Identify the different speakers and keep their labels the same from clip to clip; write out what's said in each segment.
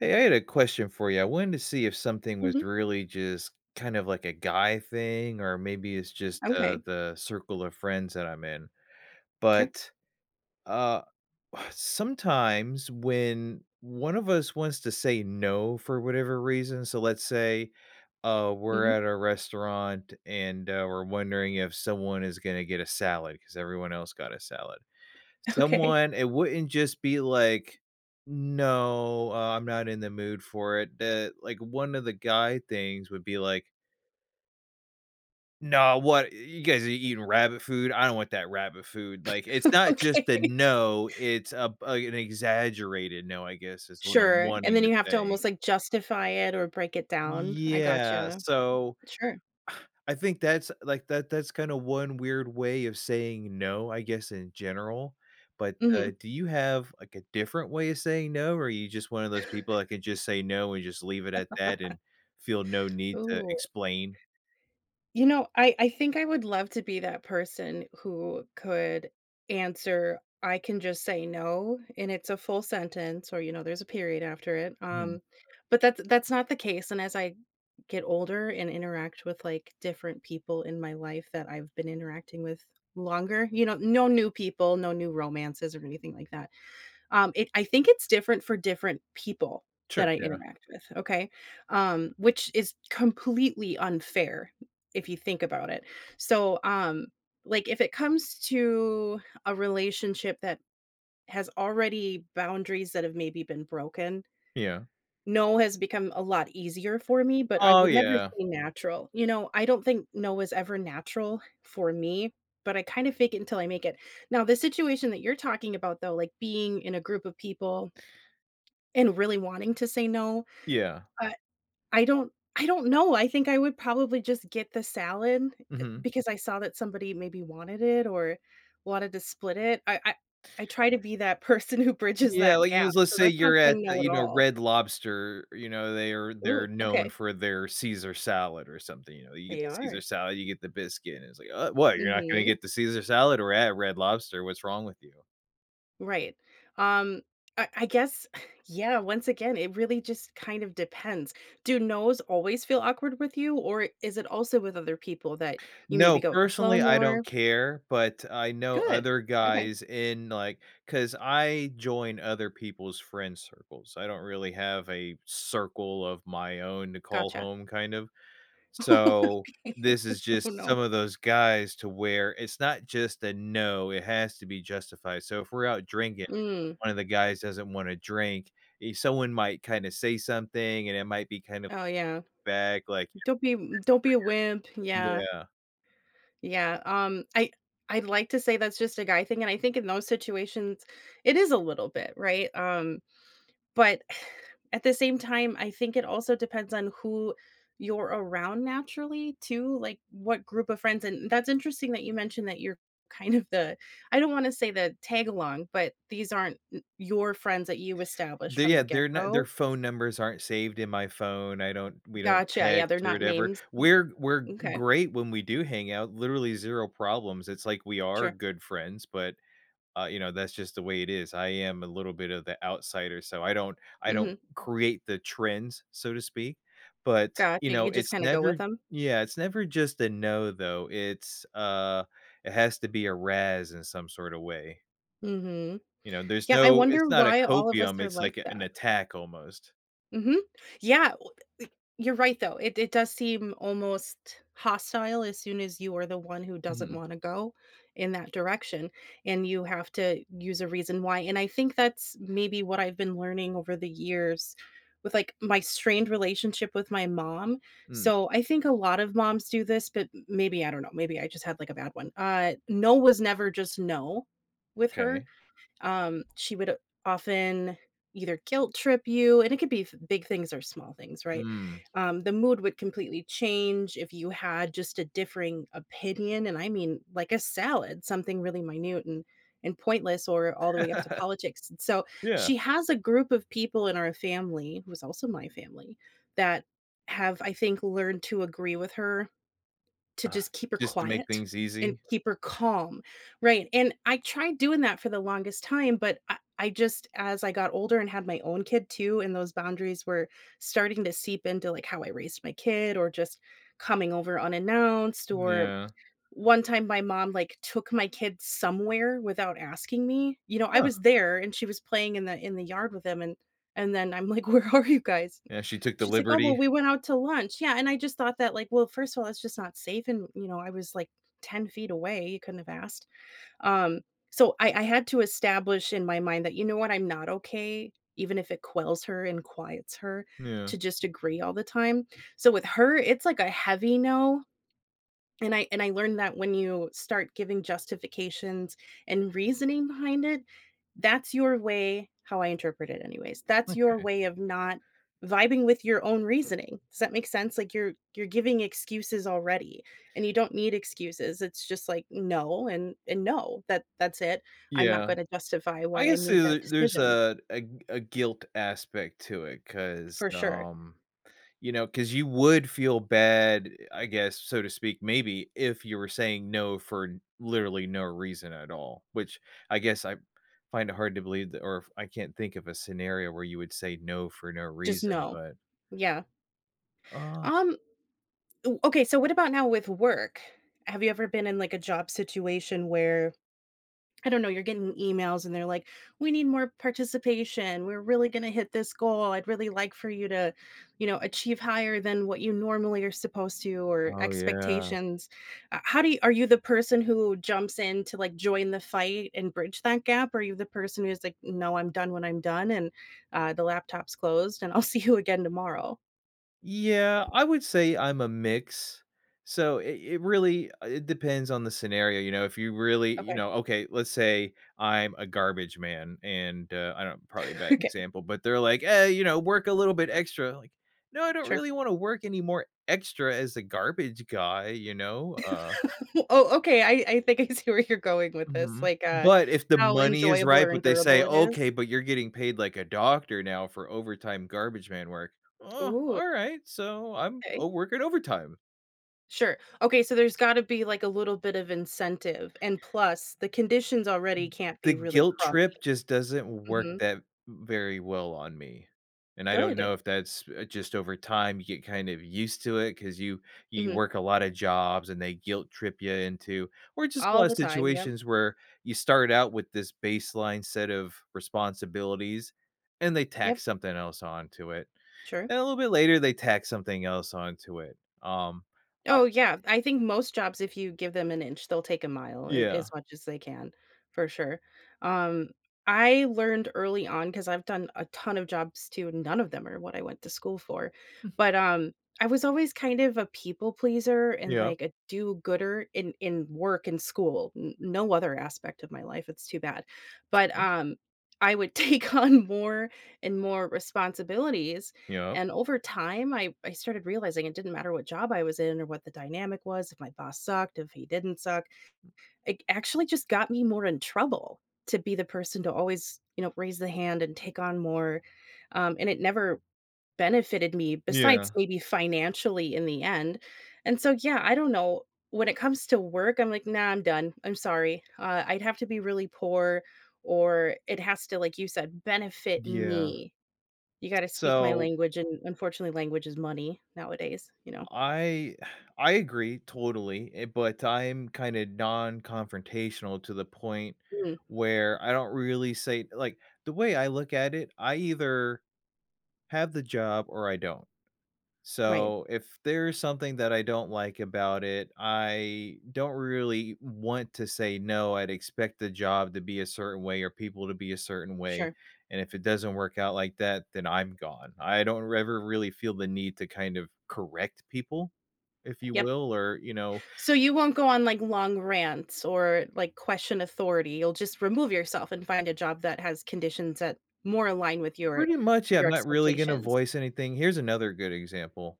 Speaker 1: Hey, I had a question for you, I wanted to see if something was
Speaker 2: Mhm.
Speaker 1: really just, kind of, like, a guy thing or maybe it's just, uh,
Speaker 2: Okay.
Speaker 1: the circle of friends that I'm in.
Speaker 2: Sure.
Speaker 1: But, uh, sometimes when, one of us wants to say "no" for whatever reason so let's say, uh, we're
Speaker 2: Mhm.
Speaker 1: at a restaurant and, uh, we're wondering if someone is gonna get a salad, 'cause everyone else got a salad.
Speaker 2: Okay.
Speaker 1: Someone it wouldn't just be like, "No, uh, I'm not in the mood for it." Eh, like, one of the guy things would be like "No, what? Y You guys are eating rabbit food? I don't want that rabbit food." Like, it's not just a
Speaker 2: Okay.
Speaker 1: "no." It's, uh, an exaggerated "no," I guess, is what I'm
Speaker 2: Sure and
Speaker 1: wanting
Speaker 2: then
Speaker 1: to
Speaker 2: you have to
Speaker 1: say.
Speaker 2: almost, like, justify it or break it down. I
Speaker 1: Yeah,
Speaker 2: gotcha,
Speaker 1: so
Speaker 2: sure.
Speaker 1: I think that's, like, that that's kinda 1 weird way of saying "no," I guess, in general. But, uh,
Speaker 2: Mhm.
Speaker 1: do you have, like, a different way of saying "no," or are you just one of those people that can just say "no" and just leave it at that and feel no need to
Speaker 2: Ooh.
Speaker 1: explain?
Speaker 2: You know, I I think I would love to be that person who could answer I can just say, "No," and it's a full sentence, or you know, there's a period after it,
Speaker 1: Mhm.
Speaker 2: um Bbut that that's not the case, and as I get older and interact with, like, different people in my life that I've been interacting with longer, you know no new people, no new romances or anything like that. Um, it I think it's different for different people that
Speaker 1: Sure,
Speaker 2: I
Speaker 1: yeah.
Speaker 2: interact with, okay, um, which is completely unfair, if you think about it. So, um, like, if it comes to, a relationship that, has already boundaries that have maybe been broken
Speaker 1: Yeah.
Speaker 2: "no" has become a lot easier for me, but I
Speaker 1: Oh,
Speaker 2: would never
Speaker 1: yeah.
Speaker 2: say natural. You know, I don't think "no" is ever natural for me, but I kind of fake it until I make it. Now the situation that you're talking about though, like, being in a group of people, and really wanting to say "no,"
Speaker 1: Yeah.
Speaker 2: uh, I don't I don't know, I think I would probably just get the salad, eh,
Speaker 1: Mhm.
Speaker 2: because I saw that somebody maybe wanted it or wanted to split it. I I I try to be that person who bridges
Speaker 1: Yeah,
Speaker 2: that
Speaker 1: like you
Speaker 2: gap.
Speaker 1: let's
Speaker 2: So
Speaker 1: say
Speaker 2: that's not
Speaker 1: you're at
Speaker 2: saying
Speaker 1: a,
Speaker 2: "no" at
Speaker 1: you know,
Speaker 2: all.
Speaker 1: Red Lobster. You know, they're they're
Speaker 2: Ooh,
Speaker 1: known
Speaker 2: okay.
Speaker 1: for their Caesar salad or something, you know? You get
Speaker 2: They
Speaker 1: the Caesar
Speaker 2: are.
Speaker 1: salad, you get the biscuit. It's like, "Uh, what? You're not gonna
Speaker 2: Mhm.
Speaker 1: get the Caesar salad we're at Red Lobster. What's wrong with you?"
Speaker 2: Right. Um, I I guess, yeah, once again, it really just kind of depends. Do "nos" always feel awkward with you? Or is it also with other people that you
Speaker 1: No,
Speaker 2: maybe go with the flow
Speaker 1: personally, I don't
Speaker 2: more?
Speaker 1: care, but I know
Speaker 2: Good.
Speaker 1: other
Speaker 2: Okay.
Speaker 1: guys in, like 'cause I join other people's friend circles, I don't really have a circle of my own to call
Speaker 2: Gotcha.
Speaker 1: home, kind of. So,
Speaker 2: Okay.
Speaker 1: this is
Speaker 2: Oh,
Speaker 1: just
Speaker 2: no.
Speaker 1: some of those guys to where it's not just a "no," it has to be justified. So if we're out drinking,
Speaker 2: Mm.
Speaker 1: one of the guys doesn't wanna drink, someone might kinda say something, and it might be kind of
Speaker 2: Oh, yeah.
Speaker 1: vague, like
Speaker 2: Don't be m don't be a wimp, yeah.
Speaker 1: yeah.
Speaker 2: Yeah, um, I I'd like to say that's just a guy thing, and I think in those situations, it is a little bit, right? Um, but at the same time, I think it also depends on who you're around naturally too, like, what group of friends and that's interesting that you mentioned that you're kind of the I don't wanna say the tagalong, but these aren't n your friends that you established
Speaker 1: They
Speaker 2: from
Speaker 1: yeah,
Speaker 2: the
Speaker 1: they're not their
Speaker 2: get-go?
Speaker 1: phone numbers aren't saved in my phone. I don't we don't
Speaker 2: Gotcha. Yeah,
Speaker 1: text
Speaker 2: they're
Speaker 1: or
Speaker 2: not
Speaker 1: whatever.
Speaker 2: names,
Speaker 1: We're we're
Speaker 2: n okay.
Speaker 1: great when we do hang out, literally, 0 problems, it's, like, we are
Speaker 2: Sure.
Speaker 1: good friends, but, uh, you know, that's just the way it is. I am a little bit of the outsider, so I don't I don't
Speaker 2: Mhm.
Speaker 1: create the trends, so to speak. But, you
Speaker 2: Gotcha.
Speaker 1: know,
Speaker 2: You just
Speaker 1: it's
Speaker 2: kinda go
Speaker 1: never
Speaker 2: with them?
Speaker 1: yeah, it's never just a "no," though. It's, uh it has to be a razz in some sort of way.
Speaker 2: Mhm.
Speaker 1: You know, there's
Speaker 2: Yeah, I
Speaker 1: no it's
Speaker 2: wonder
Speaker 1: not a
Speaker 2: why all of us
Speaker 1: copium,
Speaker 2: are
Speaker 1: it's,
Speaker 2: like
Speaker 1: like, a an
Speaker 2: that.
Speaker 1: attack almost.
Speaker 2: Mhm. Yeah, w eh e you're right, though, It It does seem, almost, hostile, as soon as you are the one who doesn't
Speaker 1: Mhm.
Speaker 2: wanna go in that direction, and you have to use a reason why, and I think that's maybe what I've been learning over the years, with, like, my strained relationship with my mom,
Speaker 1: Mm.
Speaker 2: so, I think a lot of moms do this- but m m maybe, I don't know, maybe I just had, like, a bad one- uh, no was never just no with her.
Speaker 1: M'kay.
Speaker 2: Um, she would often either guilt-trip you, and it could be f big things or small things, right?
Speaker 1: Mm.
Speaker 2: Um, the mood would completely change if you had just a differing opinion, and I mean, like, a salad, something really minute, and and pointless, or all the way up to politics, and so,
Speaker 1: Yeah.
Speaker 2: she has a group of people in our family- who is also my family- that have, I think, learned to agree with her, to
Speaker 1: Uh-huh,
Speaker 2: just keep her
Speaker 1: just to make
Speaker 2: quiet,
Speaker 1: things
Speaker 2: and
Speaker 1: easy.
Speaker 2: keep her calm, right? And I tried doing that for the longest time, but I I just as I got older, and had my own kid, too, and those boundaries were starting to seep into, like, how I raised my kid, or just coming over unannounced, or,
Speaker 1: Yeah.
Speaker 2: one time my mom, like, took my kid somewhere without asking me, you know, I
Speaker 1: Yeah.
Speaker 2: was there, and she was playing in the in the yard with him, and and then I'm like, "Where are you guys?"
Speaker 1: Yeah, she took the
Speaker 2: She's like, "Oh, well,
Speaker 1: liberty.
Speaker 2: we went out to lunch." Yeah, and I just thought that, like, "Well, first of all, that's just not safe, and you know, I was, like, 10 feet away, you couldn't have asked?" Um, so I I had to establish, in my mind, that, "You know what, I'm not okay, even if it quells her, and quiets her,
Speaker 1: Yeah.
Speaker 2: to just agree all the time." So with her, it's, like, a heavy no, and I and I learned that when you start giving justifications and reasoning behind it, that's your way- how I interpret it anyways- that's your
Speaker 1: Okay.
Speaker 2: way of not vibing with your own reasoning. Does that make sense? Like, you're you're giving excuses already, and you don't need excuses, it's just, like, "No, and and no. That that's it. I'm not
Speaker 1: Yeah.
Speaker 2: gonna justify
Speaker 1: I
Speaker 2: why I
Speaker 1: guess
Speaker 2: made
Speaker 1: there's
Speaker 2: that
Speaker 1: a there's
Speaker 2: decision."
Speaker 1: a a a guilt aspect to it, 'cause,
Speaker 2: For sure.
Speaker 1: um, you know, 'cause you would feel bad, I guess, so to speak, maybe, if you were saying no for literally no reason at all, which I guess, I find it hard to believe that or if I can't think of a scenario where you would say no for no
Speaker 2: Just,
Speaker 1: reason,
Speaker 2: no.
Speaker 1: but
Speaker 2: Yeah.
Speaker 1: Uh
Speaker 2: Um, ooh, okay, so what about now with work? Have you ever been in, like, a job situation where, I don't know, you're getting emails, and they're like, "We need more participation. We're really gonna hit this goal. I'd really like for you to," you know, "achieve higher than what you normally are supposed to," or
Speaker 1: Oh, yeah.
Speaker 2: "expectations." Uh, how do you are you the person who jumps in to, like, join the fight, and bridge that gap? Are you the person who's like, "No, I'm done when I'm done, and, uh, the laptop's closed, and I'll see you again tomorrow?"
Speaker 1: Yeah, I would say I'm a mix. So, it it really, uh, it depends on the scenario, you know? If you really, you
Speaker 2: Okay.
Speaker 1: know Okay, let's say I'm a garbage man, and, uh, I know, probably a bad
Speaker 2: Okay.
Speaker 1: example, but they're, like, "Eh, you know, work a little bit extra." Like, "No, I don't
Speaker 2: Sure.
Speaker 1: really wanna work anymore extra as a garbage guy." You know? Uh
Speaker 2: Oh, okay, I I think I see where you're going with this,
Speaker 1: Mhm.
Speaker 2: like, uh,
Speaker 1: But if the
Speaker 2: how
Speaker 1: money is
Speaker 2: enjoyable
Speaker 1: right,
Speaker 2: or
Speaker 1: but they say,
Speaker 2: endurable it is?
Speaker 1: "Okay, but you're getting paid like a doctor now for overtime garbage man work." "Uh,
Speaker 2: Ooh.
Speaker 1: alright, so, I'm
Speaker 2: 'Kay.
Speaker 1: I'm working overtime."
Speaker 2: Sure. Okay, so there's gotta be like a little bit of incentive, and plus, the conditions already
Speaker 1: M
Speaker 2: can't
Speaker 1: the
Speaker 2: be really
Speaker 1: guilt
Speaker 2: crummy.
Speaker 1: trip just doesn't work
Speaker 2: Mhm.
Speaker 1: that v very well on me. And I don't know
Speaker 2: Good.
Speaker 1: if that's, uh, just over time you get kind of used to it, 'cause you you
Speaker 2: Mhm.
Speaker 1: work a lotta jobs, and they guilt trip ya into or just a
Speaker 2: All
Speaker 1: lotta
Speaker 2: the time, yep.
Speaker 1: situations where you start out with this baseline set of responsibilities, and they tack
Speaker 2: Yep.
Speaker 1: something else onto it.
Speaker 2: Sure.
Speaker 1: And a little bit later, they tack something else onto it. Um, I
Speaker 2: Oh yeah, I think most jobs if you give them an inch, they'll take a mile, a as
Speaker 1: Yeah.
Speaker 2: much as they can, for sure. Um, I learned early on 'cause I've done a ton of jobs too, and none of them are what I went to school for.
Speaker 1: Hmm.
Speaker 2: But, um, I was always kind of a people pleaser, and,
Speaker 1: Yep.
Speaker 2: like, a do-gooder in in work and school. N no other aspect of my life, it's too bad. But,
Speaker 1: 'Kay.
Speaker 2: um, I would take on more and more responsibilities,
Speaker 1: Yep.
Speaker 2: and over time I I started realizing it didn't matter what job I was in, or what the dynamic was, if my boss sucked, if he didn't suck. It actually just got me more in trouble to be the person to always, you know, raise the hand and take on more. Um, and it never benefited me, besides
Speaker 1: Yeah.
Speaker 2: maybe financially in the end. And so, yeah, I don't know. When it comes to work, I'm like, "Nah, I'm done. I'm sorry." Uh, I'd have to be really poor, or it has to like you said, benefit
Speaker 1: Yeah.
Speaker 2: me. You gotta speak my
Speaker 1: So
Speaker 2: language, and unfortunately, language is money nowadays, you know?
Speaker 1: I I agree totally, eh but I'm kinda non-confrontational to the point
Speaker 2: Hmm.
Speaker 1: where I don't really say like, the way I look at it, I either have the job or I don't.
Speaker 2: Right.
Speaker 1: So, if there's something that I don't like about it, I don't really want to say no, I'd expect the job to be a certain way or people to be a certain way,
Speaker 2: Sure.
Speaker 1: and if it doesn't work out like that, then I'm gone. I don't r ever really feel the need to kind of correct people, if you
Speaker 2: Yep.
Speaker 1: will, or, you know
Speaker 2: So, you won't go on, like, long rants or, like, question authority. You'll just remove yourself and find a job that has conditions that more align with your
Speaker 1: Pretty much, yeah, I'm
Speaker 2: your
Speaker 1: not really gonna
Speaker 2: expectations.
Speaker 1: voice anything. Here's another good example.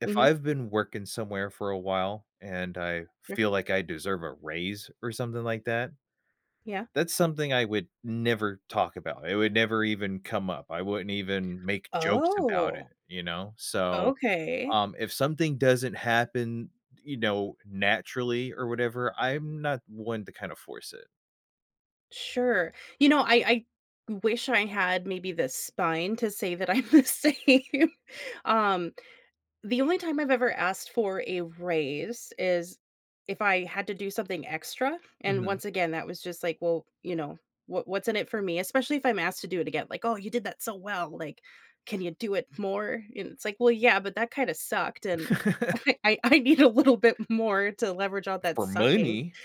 Speaker 1: If
Speaker 2: Mhm.
Speaker 1: I've been working somewhere for a while, and I
Speaker 2: Sure.
Speaker 1: feel like I deserve a raise or something like that.
Speaker 2: Yeah.
Speaker 1: That's something I would never talk about. It would never even come up. I wouldn't even make jokes about it,
Speaker 2: Oh.
Speaker 1: you know? So,
Speaker 2: Okay.
Speaker 1: um, if something doesn't happen, you know, naturally or whatever, I'm not one to kinda force it.
Speaker 2: Sure, you know, I I wish I had maybe the spine to say that I'm the same. Um, the only time I've ever asked for a raise is if I had to do something extra, and
Speaker 1: Mhm.
Speaker 2: once again, that was just like, well, you know, wha what's in it for me? Especially if I'm asked to do it again. Like, "Oh, you did that so well," like, "Can you do it more?" And it's like, "Well, yeah, but that kinda sucked, and I I need a little bit more to leverage out that
Speaker 1: For
Speaker 2: sucking."
Speaker 1: money.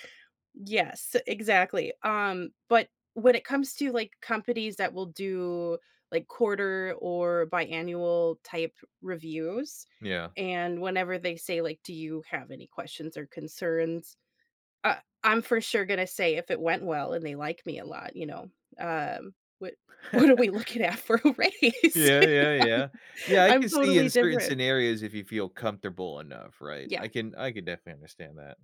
Speaker 2: Yes, exactly. Um, but when it comes to, like, companies that will do, like, quarter or biannual-type reviews,
Speaker 1: Yeah.
Speaker 2: and whenever they say, like, "Do you have any questions or concerns?" Uh I'm for sure gonna say, if it went well and they liked me a lot, you know, um, "What what are we looking at for a raise?"
Speaker 1: Yeah, yeah, yeah. Yeah, I
Speaker 2: I'm
Speaker 1: can see in
Speaker 2: totally
Speaker 1: certain
Speaker 2: different.
Speaker 1: scenarios if you feel comfortable enough, right?
Speaker 2: Yeah.
Speaker 1: I can I can definitely understand that.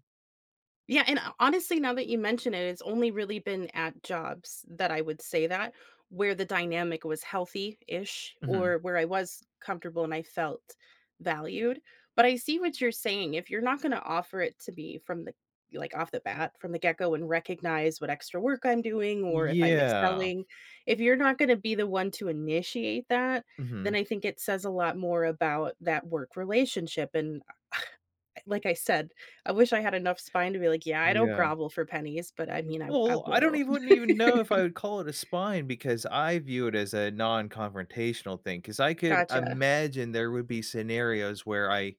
Speaker 2: Yeah, and ho honestly, now that you mentioned it, it's only really been at jobs that I would say that, where the dynamic was healthy-ish,
Speaker 1: Mhm.
Speaker 2: or where I was comfortable and I felt valued, but I see what you're saying, if you're not gonna offer it to me from the y like, off the bat, from the get go and recognize what extra work I'm doing, or if I'm
Speaker 1: Yeah.
Speaker 2: excelling; if you're not gonna be the one to initiate that, then
Speaker 1: Mhm.
Speaker 2: I think it says a lot more about that work relationship and a I like I said, I wish I had enough spine to be like, "Yeah, I don't
Speaker 1: Yeah.
Speaker 2: grovel for pennies," but I mean, I I
Speaker 1: Well, I don't
Speaker 2: will.
Speaker 1: even wouldn't even know if I would call it a spine, because I view it as a nonconfrontational thing. 'Cause I could
Speaker 2: Gotcha.
Speaker 1: imagine there would be scenarios where I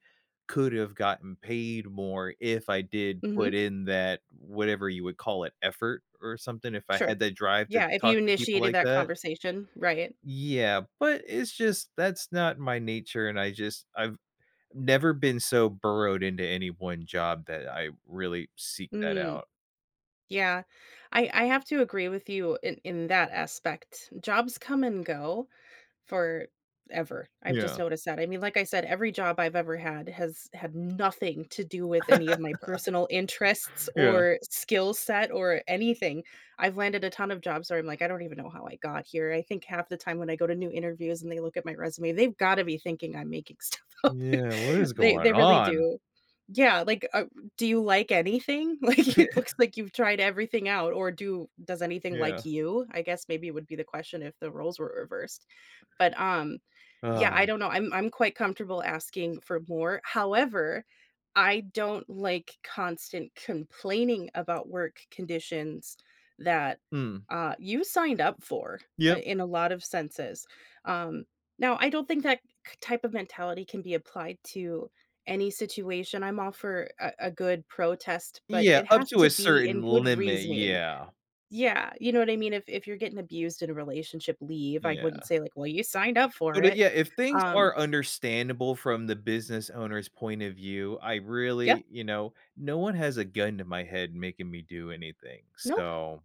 Speaker 1: could have gotten paid more if I did put
Speaker 2: Mhm.
Speaker 1: in that, whatever you would call it, effort, or something, if I
Speaker 2: Sure.
Speaker 1: had that drive to
Speaker 2: Yeah, if
Speaker 1: talk
Speaker 2: you
Speaker 1: to people
Speaker 2: initiated
Speaker 1: like
Speaker 2: that
Speaker 1: that?
Speaker 2: conversation, right.
Speaker 1: Yeah, but it's just that's not my nature, and I just I've never been so burrowed into any one job that I really seek that
Speaker 2: Mm.
Speaker 1: out.
Speaker 2: Yeah, I I have to agree with you in in that aspect. Jobs come and go forever; I've just
Speaker 1: Yeah.
Speaker 2: noticed that, I mean, like I said, every job I've ever had has had nothing to do with any of my personal interests,
Speaker 1: Yeah.
Speaker 2: or skill set, or anything. I've landed a ton of jobs where I'm like, "I don't even know how I got here." I think half the time when I go to new interviews, and they look at my resume, they've gotta be thinking I'm making stuff up.
Speaker 1: Yeah, what is
Speaker 2: They
Speaker 1: going
Speaker 2: they really
Speaker 1: on?
Speaker 2: do. Yeah, like, uh, "Do you like anything?" Like, "It looks like you've tried everything out, or do does anything
Speaker 1: Yeah.
Speaker 2: like you?" I guess maybe would be the question if the roles were reversed. But, um Yeah, I
Speaker 1: Ugh.
Speaker 2: don't know, I'm I'm quite comfortable asking for more, however, I don't like constant complaining about work conditions that,
Speaker 1: Mm.
Speaker 2: uh, you signed up for, uh,
Speaker 1: Yep.
Speaker 2: in a lot of senses. Um, now, I don't think that k type of mentality can be applied to any situation, I'm all for a a good protest, but
Speaker 1: Yeah,
Speaker 2: it
Speaker 1: up
Speaker 2: has
Speaker 1: to a
Speaker 2: to be
Speaker 1: certain
Speaker 2: in good
Speaker 1: limit,
Speaker 2: reasoning.
Speaker 1: yeah.
Speaker 2: Yeah, you know what I mean? If if you're getting abused in a relationship, leave, I
Speaker 1: Yeah.
Speaker 2: wouldn't say like, "Well you signed up for
Speaker 1: But, it
Speaker 2: it."
Speaker 1: yeah, if things
Speaker 2: Um
Speaker 1: are understandable from the business owner's point of view, I
Speaker 2: Yep.
Speaker 1: really you know, no one has a gun to my head making me do anything,
Speaker 2: Nope.
Speaker 1: so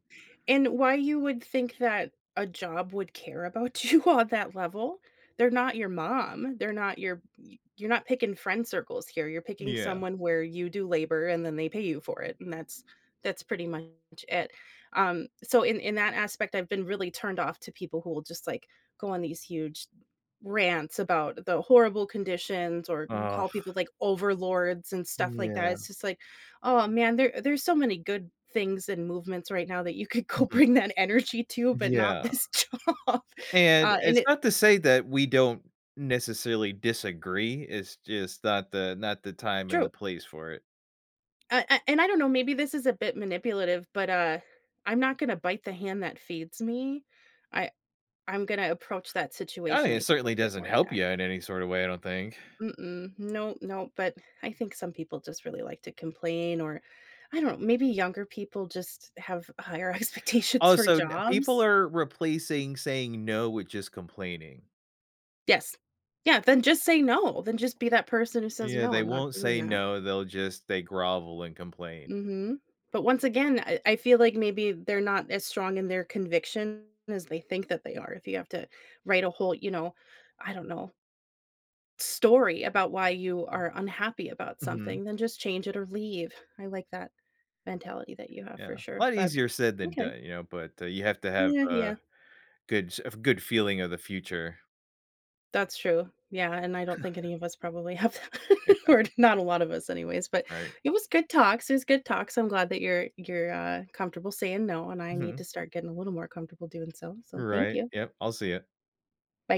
Speaker 2: And why you would think that a job would care about you on that level; they're not your mom, they're not your y you're not picking friend circles here, you're picking
Speaker 1: Yeah.
Speaker 2: someone where you do labor and then they pay you for it, and that's that's pretty much it. Um, so in in that aspect, I've been really turned off to people who will just, like, go on these huge rants about the horrible conditions or n
Speaker 1: Ugh.
Speaker 2: call people like, overlords and
Speaker 1: Mm,
Speaker 2: stuff like that,
Speaker 1: yeah.
Speaker 2: it's just like, "Oh man, there there's so many good things and movements right now that you could go
Speaker 1: Mhm.
Speaker 2: bring that energy to, but not
Speaker 1: Yeah.
Speaker 2: this job.
Speaker 1: And
Speaker 2: Uh, and
Speaker 1: it's
Speaker 2: it
Speaker 1: not to say that we don't, necessarily, disagree, it's just not the not the time and the
Speaker 2: True.
Speaker 1: place for it.
Speaker 2: Uh, an and I don't know, maybe this is a bit manipulative, but, uh, I'm not gonna bite the hand that feeds me. I I'm gonna approach that
Speaker 1: I
Speaker 2: situation,
Speaker 1: it
Speaker 2: I think, a
Speaker 1: certainly
Speaker 2: bit
Speaker 1: doesn't
Speaker 2: more
Speaker 1: help you
Speaker 2: tact
Speaker 1: in any sort of way, I don't think.
Speaker 2: Mm-mm, no, no, but I think some people just really like to complain or, I don't maybe younger people just have higher expectations for
Speaker 1: Also, n people
Speaker 2: jobs.
Speaker 1: are replacing saying no with just complaining.
Speaker 2: Yes. Yeah, then just say no, then just be that person who says,
Speaker 1: Yeah,
Speaker 2: "No,
Speaker 1: they
Speaker 2: I'm not
Speaker 1: won't
Speaker 2: doing
Speaker 1: say
Speaker 2: that."
Speaker 1: no, they'll just they grovel and complain.
Speaker 2: Mhm. But once again, I I feel like maybe they're not as strong in their conviction as they think that they are. If you have to write a whole you know, I don't know story about why you are unhappy about
Speaker 1: Mhm.
Speaker 2: something, then just change it or leave. I like that mentality that you have, for
Speaker 1: Yeah,
Speaker 2: sure.
Speaker 1: lot
Speaker 2: But,
Speaker 1: easier said than
Speaker 2: okay.
Speaker 1: done, you know? But, uh, you have to have,
Speaker 2: Yeah,
Speaker 1: uh,
Speaker 2: yeah.
Speaker 1: good ch a good feeling of the future.
Speaker 2: That's true. Yeah, and I don't think any of us probably have that.
Speaker 1: Yeah.
Speaker 2: Or not a lot of us, anyways. But,
Speaker 1: Right.
Speaker 2: it was good talks, It was good talks. I'm glad that you're you're, uh, comfortable saying no, and I need to
Speaker 1: Mhm.
Speaker 2: start getting a little more comfortable doing so. So thank
Speaker 1: Right,
Speaker 2: you.
Speaker 1: yep, I'll see ya.
Speaker 2: Bye.